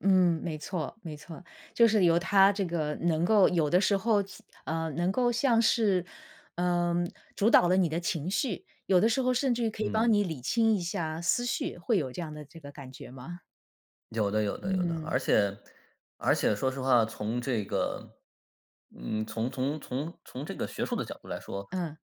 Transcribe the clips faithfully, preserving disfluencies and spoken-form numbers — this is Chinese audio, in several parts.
嗯，没错，没错。就是由他这个，能够有的时候，呃，能够像是，嗯，主导了你的情绪，有的时候甚至于可以帮嗯。你理清一下思绪，会有这样的这个感觉吗？有的有的有的。嗯。而且而且说实话，从这个，嗯，从从从从这个学术的角度来说，嗯。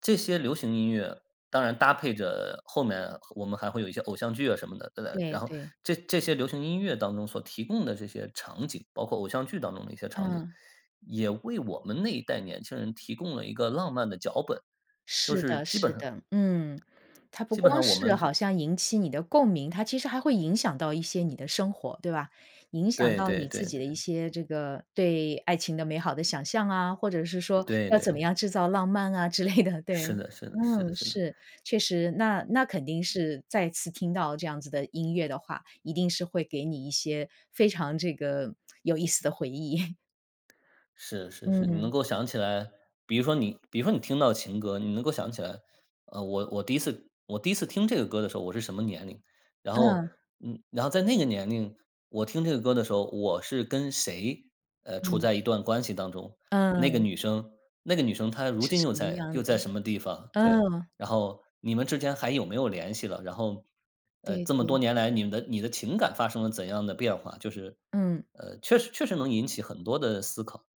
这些流行音乐，当然搭配着，后面我们还会有一些偶像剧啊什么的。然对然后，对。这这些流行音乐当中所提供的这些场景，包括偶像剧当中的一些场景，嗯。也为我们那一代年轻人提供了一个浪漫的脚本，就是是的基本是上的，嗯。它不基本光上我是们好就像引起你的共鸣，它其实还会影响到一些你的生活，对吧？影响对到对你对自己的一对。些这个，对爱情的美好的想象啊，或者是说，对要对怎么对。样制造浪漫啊之类的，是对。的是的是的嗯，是的。是，确实，那那肯定是再次听到这样子的音乐的话，一定是会给你一些非常这个，有意思的回忆。是是是。你能嗯。够想起来，比如说你比如说你听到情歌，你能够想起来，呃，我我第一次我第一次听这个歌的时候，我是什么年龄。然后，嗯。嗯，然后在那个年龄我听这个歌的时候，我是跟谁，呃，处嗯。在一段关系当中。那个嗯。女生那个女生她如是今什又么在样又的。在什么地方，对。嗯。然后你们之间还有没有联系了，然后，呃，对这么多对。年来你们的你的情感发生了怎样的变化。就是，嗯。呃，确实确实能引起很多的思考。